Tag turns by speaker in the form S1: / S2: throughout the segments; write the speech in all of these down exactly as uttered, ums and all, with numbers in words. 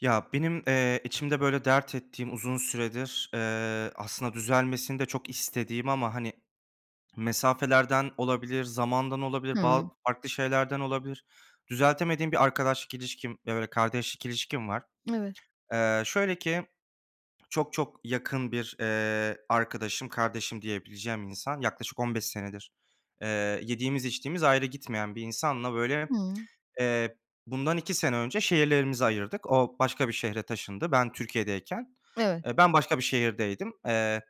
S1: Ya, benim, eee, içimde, böyle, dert ettiğim uzun süredir, eee, aslında düzelmesini de çok istediğim ama, hani, mesafelerden olabilir, zamandan olabilir, ba
S2: Hıı.
S1: farklı şeylerden olabilir. Düzeltemediğim bir arkadaşlık ilişkim, ııı, kardeşlik ilişkim var.
S2: [unintelligible]
S1: Eee, şöyle ki çok, çok yakın bir, eee, arkadaşım, "kardeşim" diyebileceğim insan yaklaşık on beş senedir, eee, yediğimiz içtiğimiz ayrı gitmeyen bir insanla, böyle,
S2: Hıı.
S1: eee, bundan iki sene önce şehirlerimizi ayırdık. O, başka bir şehre taşındı. Ben Türkiye'deyken,
S2: Evet.
S1: eee, ben başka bir şehirdeydim. Eee,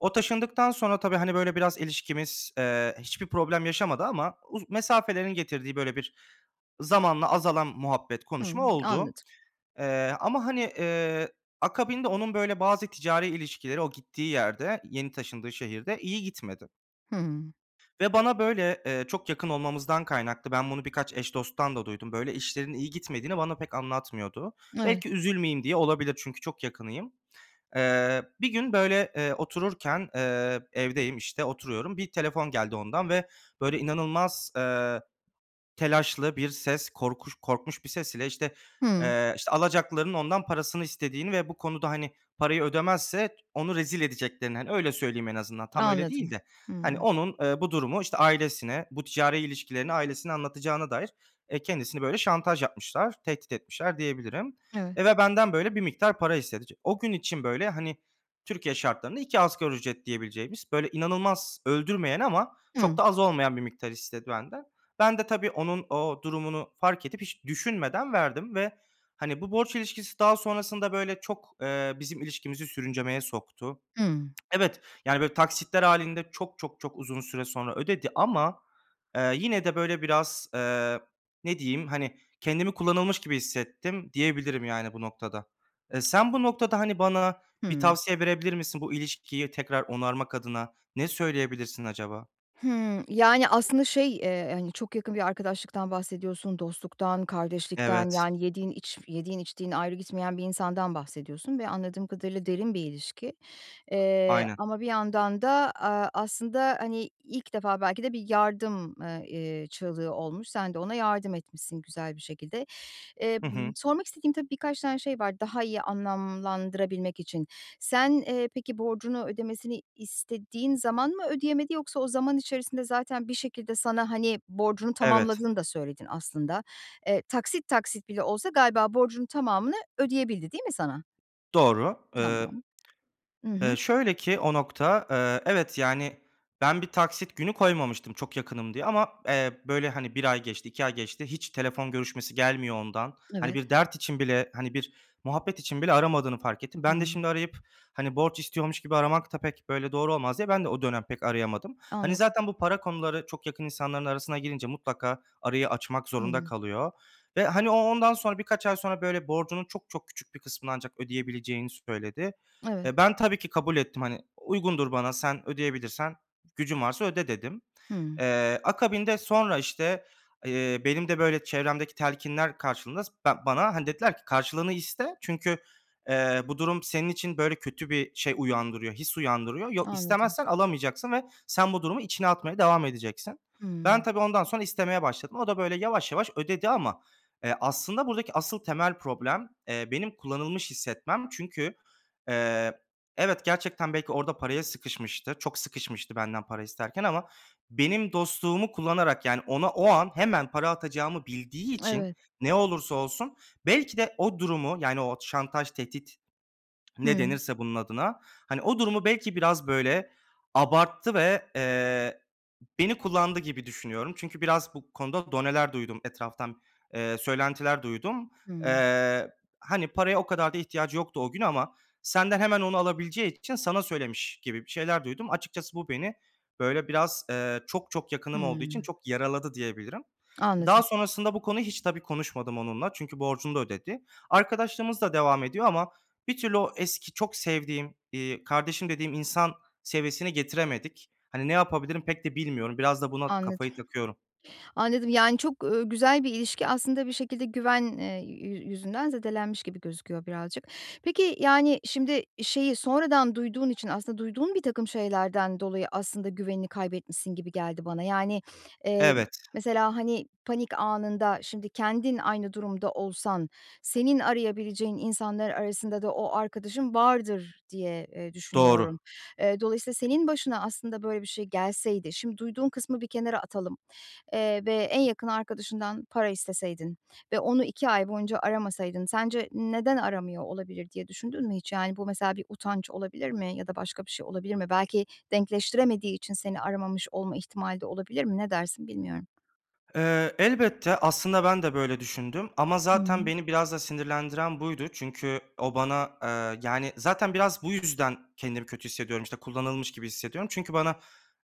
S1: o taşındıktan sonra tabii, hani, böyle, biraz ilişkimiz, eee, hiçbir problem yaşamadı ama uz mesafelerin getirdiği, böyle, bir zamanla azalan muhabbet konuşma
S2: Hıı.
S1: oldu,
S2: Anladım.
S1: eee, ama, hani, eee, akabinde onun, böyle, bazı ticari ilişkileri o gittiği yerde, yeni taşındığı şehirde iyi gitmedi
S2: Hıı.
S1: ve bana, böyle, eee, çok yakın olmamızdan kaynaklı, ben bunu birkaç eş dosttan da duydum. Böyle işlerinin iyi gitmediğini bana pek anlatmıyordu.
S2: Evet.
S1: Belki üzülmeyeyim diye olabilir. Çünkü çok yakınıyım. Eee, bir gün, böyle, eee, otururken, eee, evdeyim, işte, oturuyorum. Bir telefon geldi ondan ve, böyle, inanılmaz, eee, telaşlı bir ses, korkuş korkmuş bir ses ile, işte,
S2: Hıı.
S1: eee, işte, alacaklıların ondan parasını istediğini ve bu konuda, hani, parayı ödemezse t onu rezil edeceklerini. Hani, öyle söyleyeyim en azından. Tam öyle değil
S2: Anladım.
S1: de.
S2: Hıı.
S1: Hani, onun, eee, bu durumu, işte, ailesine bu ticari ilişkilerini ailesine anlatacağına dair, eee, kendisini, böyle, şantaj yapmışlar, tehdit etmişler diyebilirim.
S2: Evet.
S1: Eee, ve benden, böyle, bir miktar para istedi. T o gün için, böyle, hani, Türkiye şartlarında iki asgari ücret diyebileceğimiz, böyle, inanılmaz öldürmeyen ama çok
S2: Hıı.
S1: da az olmayan bir miktar istedi benden. Ben de tabii onun o durumunu fark edip, hiç düşünmeden verdim ve, hani, bu borç ilişkisi daha sonrasında, böyle, çok, eee, bizim ilişkimizi sürüncemeye soktu.
S2: Hımm.
S1: Evet, yani, böyle, taksitler hâlinde çok, çok, çok uzun süre sonra ödedi ama, ııı, yine de, böyle, biraz, ııı, ne diyeyim, hani, kendimi "kullanılmış" gibi hissettim diyebilirim, yani, bu noktada. Eee, sen bu noktada, hani, bana bir
S2: Hımm.
S1: tavsiye verebilir misin bu ilişkiyi tekrar onarmak adına, ne söyleyebilirsin acaba?
S2: Hımm, yani, aslında, şey, eee, hani, çok yakın bir arkadaşlıktan bahsediyorsun, dostluktan, kardeşlikten,
S1: Evet.
S2: yani, yediğin iç yediğin içtiğin ayrı gitmeyen bir insandan bahsediyorsun ve anladığım kadarıyla derin bir ilişki. Eee,
S1: Aynen.
S2: ama bir yandan da, aaa, aslında, hani, ilk defa belki de bir yardım, ııı, eee, çığlığı olmuş. Sen de ona yardım etmişsin güzel bir şekilde. Eee,
S1: Hı
S2: ııı,
S1: hı.
S2: sormak istediğim, tabii, birkaç tane şey var daha iyi anlamlandırabilmek için. Sen, eee, peki borcunu ödemesini istediğin zaman mı ödeyemedi yoksa o zaman içerisinde zaten bir şekilde sana, hani, borcunu
S1: Evet.
S2: tamamladığını da söyledin aslında. Eee, taksit, taksit, bile olsa galiba borcunu tamamını ödeyebildi değil mi sana?
S1: Doğru, ııı.
S2: Tamam. Hı hı
S1: Iıı, şöyle ki o nokta, eee, evet, yani, ben bir taksit günü koymamıştım çok yakınım diye ama, eee, böyle, hani, bir ay geçti, iki ay geçti. Hiç telefon görüşmesi gelmiyor ondan. Hani,
S2: Evet.
S1: bir dert için bile, hani, bir muhabbet için bile aramadığını fark ettim. Ben de
S2: Hıı.
S1: şimdi arayıp, hani, borç istiyormuş gibi aramak da pek, böyle, doğru olmaz diye. Ben de o dönem pek arayamadım. Hani,
S2: Anladım.
S1: zaten bu para konuları çok yakın insanların arasına girince mutlaka arayı açmak zorunda
S2: Hıı.
S1: kalıyor ve, hani, o ondan sonra birkaç ay sonra, böyle, borcunun çok, çok küçük bir kısmını ancak ödeyebileceğini söyledi.
S2: Evet.
S1: Eee, ben tabii ki kabul ettim, hani, "Uygundur bana, sen ödeyebilirsen, gücün varsa öde," dedim.
S2: Hımm.
S1: Eee, akabinde sonra, işte, eee, benim de, böyle, çevremdeki telkinler karşılığında s ben bana, hani, dediler ki, "Karşılığını iste. Çünkü, eee, bu durum senin için, böyle, kötü bir şey uyandırıyor, his uyandırıyor. Yo
S2: Anladım.
S1: istemezsen alamayacaksın ve sen bu durumu içine atmaya devam edeceksin." Ben
S2: Hımm.
S1: tabii ondan sonra istemeye başladım. O da, böyle, yavaş, yavaş ödedi ama, eee, aslında buradaki asıl temel problem, eee, benim kullanılmış hissetmem. Çünkü, eee, evet gerçekten belki orada paraya sıkışmıştır. Çok sıkışmıştı benden para isterken ama benim dostluğumu kullanarak, yani, ona o an hemen para atacağımı bildiği için
S2: Evet.
S1: ne olursa olsun belki de o durumu, yani, o şantaj, tehdit ne
S2: Hıı.
S1: denirse bunun adına, hani, o durumu belki biraz, böyle, abarttı ve, eee, beni kullandı gibi düşünüyorum. Çünkü biraz bu konuda doneler duydum etraftan, eee, söylentiler duydum.
S2: Hımm.
S1: Eee, hani, "Paraya o kadar da ihtiyacı yoktu o gün ama senden hemen onu alabileceği için sana söylemiş," gibi bir şeyler duydum. Açıkçası bu beni, böyle, biraz, ııı, çok, çok yakınım olduğu için
S2: Hımm.
S1: çok yaraladı diyebilirim. Daha
S2: Anladım.
S1: sonrasında bu konu hiç tabii konuşmadım onunla. Çünkü borcunu da ödedi. Arkadaşlığımız da devam ediyor ama bir türlü o eski çok sevdiğim, iii, kardeşim dediğim insan seviyesini getiremedik. Hani, ne yapabilirim pek de bilmiyorum. Biraz da buna
S2: Anladım,
S1: kafayı takıyorum.
S2: anladım. Yani, çok, ııı, güzel bir ilişki aslında bir şekilde güven, eee, yü yüzünden zedelenmiş gibi gözüküyor birazcık. Peki, yani, şimdi şeyi sonradan duyduğun için aslında, duyduğun birtakım şeylerden dolayı aslında güvenini kaybetmişsin gibi geldi bana. Yani, eee, m
S1: Evet.
S2: mesela, hani, panik anında şimdi kendin aynı durumda olsan, senin arayabileceğin insanlar arasında da o arkadaşın vardır diye, eee, düşünüyorum.
S1: Doğru.
S2: Eee, dolayısıyla senin başına, aslında, böyle bir şey gelseydi şimdi duyduğun kısmı bir kenara atalım, eee, ve en yakın arkadaşından para isteseydin ve onu iki ay boyunca aramasaydın sence, "Neden aramıyor olabilir?" diye düşündün mü hiç, yani, bu, mesela, bir utanç olabilir mi ya da başka bir şey olabilir mi? Belki denkleştiremediği için seni aramamış olma ihtimali de olabilir mi? Ne dersin bilmiyorum.
S1: Eee, elbette, aslında, ben de, böyle, düşündüm ama zaten
S2: Hımm.
S1: beni biraz da sinirlendiren buydu. Çünkü o, bana, eee, yani, zaten biraz bu yüzden kendimi kötü hissediyorum. İşte, kullanılmış gibi hissediyorum. Çünkü bana,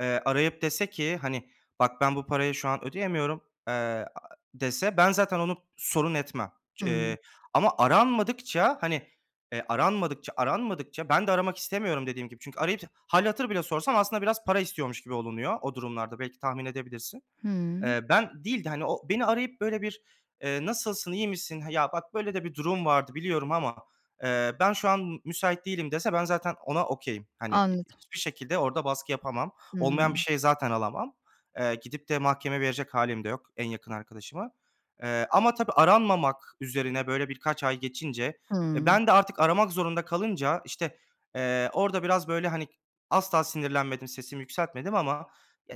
S1: eee, arayıp dese ki, hani, "Bak ben bu parayı şu an ödeyemiyorum," eee, ı dese ben zaten onu s sorun etmem,
S2: Hıı.
S1: eee, ama aranmadıkça, hani, eee, aranmadıkça, aranmadıkça ben de aramak istemiyorum dediğim gibi çünkü arayıp hâl hatır bile sorsam, aslında, biraz para istiyormuş gibi olunuyor o durumlarda. Belki tahmin edebilirsin.
S2: Hımm.
S1: Eee, ben değil de, hani, o, beni arayıp, böyle, bir, eee, "Nasılsın, iyi misin? Ha, ya, bak böyle de bir durum vardı biliyorum ama, eee, ben şu an m müsait değilim," dese ben zaten ona okay'im. Hani,
S2: Anladım.
S1: hiçbir şekilde orada baskı yapamam. Olmayan bir
S2: Hımm.
S1: şeyi zaten alamam. Eee, gidip de mahkemeye verecek hâlim de yok, en yakın, arkadaşımı, eee, ama tabii aranmamak üzerine, böyle, birkaç ay geçince, e,
S2: Hımm.
S1: ben de artık aramak zorunda kalınca, işte, eee, orada biraz, böyle, hani, asla sinirlenmedim, sesimi yükseltmedim ama,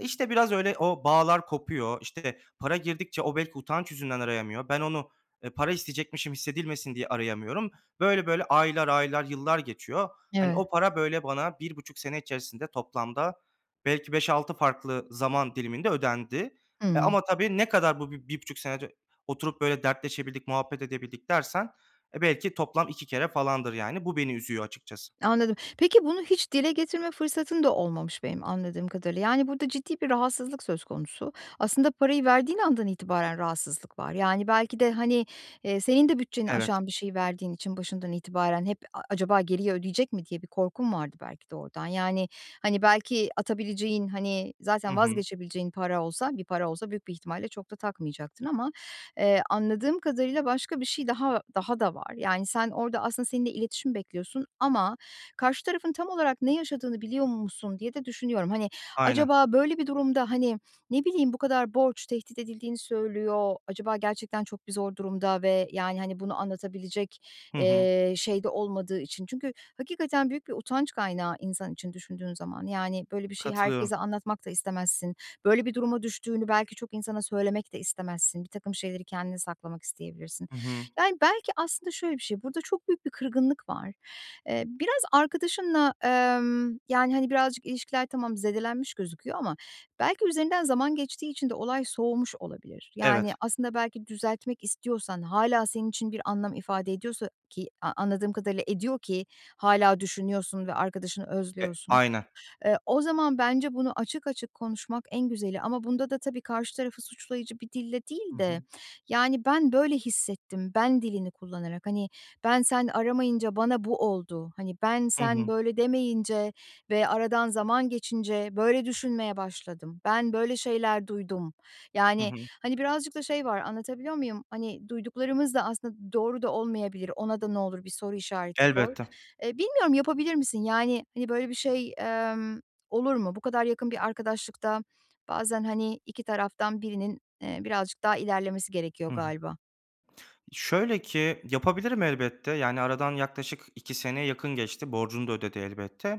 S1: işte, biraz öyle o bağlar kopuyor. İşte, para girdikçe o, belki, utanç yüzünden arayamıyor. Ben, onu para isteyecekmişim, hissedilmesin diye arayamıyorum. Böyle, böyle, aylar, aylar, yıllar geçiyor. Hani,
S2: Evet.
S1: o para, böyle, bana bir buçuk sene içerisinde toplamda belki beş altı farklı zaman diliminde ödendi, e,
S2: Hıı.
S1: ama tabii ne kadar bu b bir buçuk sene ö oturup, böyle, dertleşebildik, muhabbet edebildik dersen belki toplam iki kere falandır, yani, bu beni üzüyor açıkçası.
S2: Anladım. Peki, bunu hiç dile getirme fırsatın da olmamış benim anladığım kadarıyla. Yani, burada ciddi bir rahatsızlık söz konusu. Aslında parayı verdiğin andan itibaren rahatsızlık var, yani, belki de, hani, eee, senin de bütçeni
S1: Evet.
S2: aşan bir şeyi verdiğin için başından itibaren hep "A acaba geriye ödeyecek mi?" diye bir korkun vardı belki de oradan, yani, hani, belki atabileceğin, hani,
S1: Hı
S2: zaten
S1: hı.
S2: vazgeçebileceğin para olsa bir para olsa büyük bir ihtimalle çok da takmayacaktın ama, eee, anladığım kadarıyla başka bir şey daha daha da var. Yani, sen orada aslında seninle iletişim bekliyorsun ama karşı tarafın tam olarak ne yaşadığını biliyor musun diye de düşünüyorum. Hani,
S1: Aynen.
S2: acaba böyle bir durumda, hani, ne bileyim, bu kadar borç tehdit edildiğini söylüyor, acaba gerçekten çok bir zor durumda ve, yani, hani, bunu anlatabilecek,
S1: Hı hı.
S2: eee, şeyde olmadığı için. Çünkü hakikaten büyük bir utanç kaynağı insan için düşündüğün zaman. Yani, böyle bir şeyi
S1: Katılıyorum.
S2: herkese anlatmak da istemezsin. Böyle bir duruma düştüğünü belki çok insana söylemek de istemezsin. Birtakım şeyleri kendine saklamak isteyebilirsin.
S1: Hı hı.
S2: Yani, belki aslında şöyle bir şey, burada çok büyük bir kırgınlık var. Eee, biraz arkadaşınla, emm, yani, hani, birazcık ilişkiler tamam zedelenmiş gözüküyor ama belki üzerinden zaman geçtiği için de olay soğumuş olabilir. Yani,
S1: Evet.
S2: aslında belki düzeltmek istiyorsan hâlâ senin için bir anlam ifade ediyorsa ki anladığım kadarıyla ediyor ki hâlâ düşünüyorsun ve arkadaşını
S1: E,
S2: özlüyorsun.
S1: aynen.
S2: Eee, o zaman bence bunu açık açık konuşmak en güzeli ama bunda da tabii karşı tarafı suçlayıcı bir dille
S1: Hı
S2: değil de,
S1: hı.
S2: yani, "Ben böyle hissettim," ben dilini kullanarak. Hani, "Ben, sen aramayınca bana bu oldu." Hani, "Ben,
S1: Hı
S2: sen
S1: hı.
S2: böyle demeyince ve aradan zaman geçince böyle düşünmeye başladım. Ben böyle şeyler duydum."
S1: Hı
S2: Yani,
S1: hı.
S2: hani, birazcık da şey var anlatabiliyor muyum? Hani, duyduklarımız da aslında doğru da olmayabilir. Ona da ne olur bir soru işareti koy.
S1: Elbette.
S2: Eee, bilmiyorum yapabilir misin? Yani, hani, böyle bir şey, emm, olur mu? Bu kadar yakın bir arkadaşlıkta bazen, hani, iki taraftan birinin, eee, birazcık daha ilerlemesi gerekiyor
S1: Hı hı.
S2: galiba?
S1: Şöyle ki yapabilirim elbette, yani, aradan yaklaşık iki seneye yakın geçti, borcunu da ödedi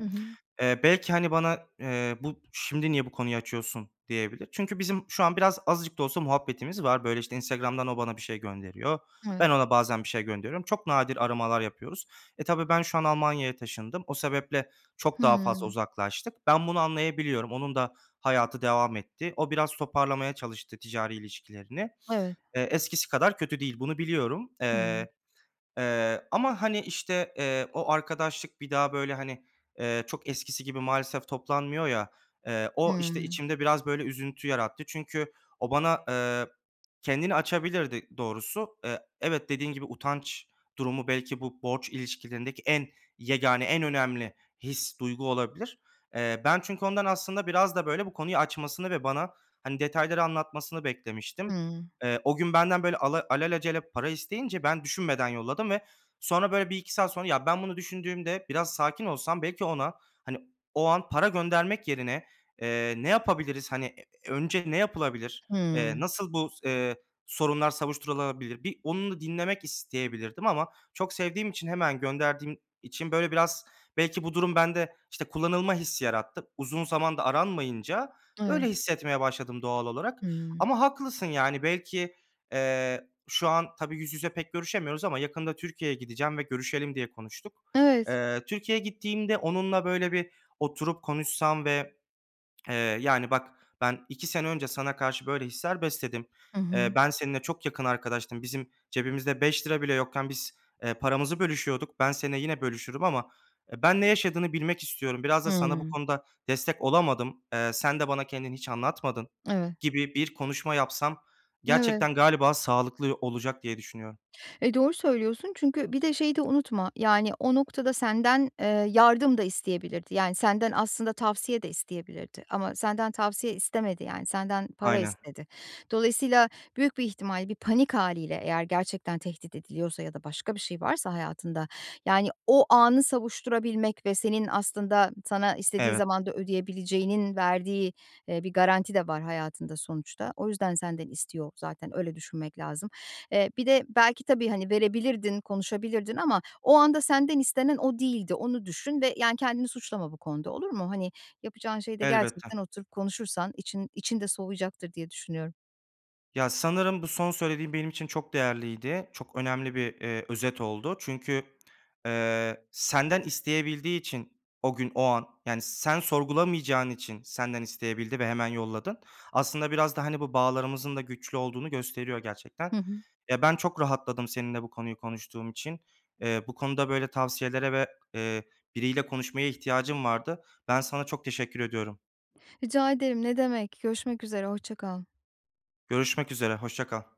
S2: Hı hı.
S1: Eee, belki, hani, bana, eee, "Bu şimdi niye bu konuyu açıyorsun?" diyebilir. Çünkü bizim şu an biraz, azıcık da olsa muhabbetimiz var. Böyle, işte, Instagram'dan o, bana bir şey gönderiyor.
S2: Evet.
S1: Ben, ona bazen bir şey gönderiyorum. Çok nadir aramalar yapıyoruz. E, tabii ben şu an Almanya'ya taşındım. O sebeple çok daha fazla
S2: Hımm.
S1: uzaklaştık. Ben bunu anlayabiliyorum. Onun da hayatı devam etti. O, biraz toparlamaya çalıştı ticari ilişkilerini.
S2: Evet.
S1: Eee, eskisi kadar kötü değil. Bunu biliyorum.
S2: Hımm.
S1: Eee, eee, ama, hani, işte, eee, o arkadaşlık bir daha, böyle, hani, eee, çok eskisi gibi maalesef toplanmıyor ya, eee, o, işte,
S2: Hımm.
S1: içimde biraz, böyle, üzüntü yarattı. Çünkü o, bana, eee, kendini açabilirdi ı doğrusu. E evet, dediğin gibi, utanç durumu belki bu borç ilişkilerindeki en yegâne, en önemli his, duygu olabilir. Eee, ben çünkü ondan aslında biraz da, böyle, bu konuyu açmasını ve bana, hani, detayları anlatmasını beklemiştim.
S2: Hımm.
S1: Eee, o gün benden, böyle, ala alelacele para isteyince ben düşünmeden yolladım ve sonra, böyle, bir iki saat sonra, ya, ben bunu düşündüğümde biraz sakin olsam belki ona, hani, o an para göndermek yerine, eee, "Ne yapabiliriz? Hani, e önce ne yapılabilir? Eee,
S2: Hımm.
S1: nasıl bu s eee, sorunlar savuşturulabilir?" Bir onu da dinlemek isteyebilirdim ama, çok sevdiğim için, hemen gönderdiğim için, böyle, biraz belki bu durum bende, işte, kullanılma hissi yarattı. Uzun zamanda aranmayınca,
S2: Evet.
S1: böyle, hissetmeye başladım doğal olarak
S2: Hıı.
S1: ama haklısın, yani, belki, eee, şu an tabii yüz yüze pek görüşemiyoruz ama yakında Türkiye'ye gideceğim ve görüşelim diye konuştuk.
S2: Evet.
S1: Eee, Türkiye'ye gittiğimde onunla, böyle, bir oturup konuşsam ve, eee, yani, "Bak ben iki sene önce sana karşı böyle hisler besledim.
S2: Hı
S1: Eee,
S2: hı.
S1: ben seninle çok yakın arkadaştım, bizim cebimizde beş lira bile yokken biz, eee, paramızı bölüşüyorduk. Ben seninle yine bölüşürüm ama ben ne yaşadığını bilmek istiyorum. Biraz da sana bu
S2: Hımm.
S1: konuda destek olamadım. Eee, sen de bana kendini hiç anlatmadın,"
S2: Evet.
S1: gibi bir konuşma yapsam
S2: Evet.
S1: gerçekten, galiba, sağlıklı ı olacak diye düşünüyorum.
S2: E, doğru söylüyorsun. Çünkü bir de şeyi de unutma, yani, o noktada senden, eee, yardım da isteyebilirdi. Yani, senden aslında tavsiye de isteyebilirdi ama senden tavsiye istemedi. Yani, senden para
S1: Aynen.
S2: istedi. Dolayısıyla büyük bir ihtimal bir panik hâliyle eğer gerçekten tehdit ediliyorsa ya da başka bir şey varsa hayatında, yani, o anı savuşturabilmek ve senin aslında sana istediği
S1: Evet.
S2: zamanda ödeyebileceğinin verdiği, eee, bir garanti de var hayatında sonuçta. O yüzden senden istiyor zaten. Öyle düşünmek lazım. Eee, bir de belki tabii, hani, verebilirdin, konuşabilirdin ama o anda senden istenen o değildi. Onu düşün ve, yani, "Kendini suçlama bu konuda. Olur mu?" Hani, yapacağın şey de
S1: Elbette.
S2: gerçekten oturup konuşursan için için de soğuyacaktır diye düşünüyorum.
S1: Ya, sanırım, bu son söylediğin benim için çok değerliydi. Çok önemli bir, eee, özet oldu çünkü, eee, senden isteyebildiği için o gün o an, yani, sen sorgulamayacağın için senden isteyebildi ve hemen yolladın. Aslında biraz da, hani, bu bağlarımızın da güçlü olduğunu gösteriyor gerçekten.
S2: Hı hı.
S1: Ya, ben çok rahatladım seninle bu konuyu konuştuğum için, eee, bu konuda böyle tavsiyelere ve, eee, biriyle konuşmaya ihtiyacım vardı. Ben sana çok teşekkür ediyorum.
S2: Rica ederim, ne demek, görüşmek üzere, hoşça kal.
S1: Görüşmek üzere, hoşça kal.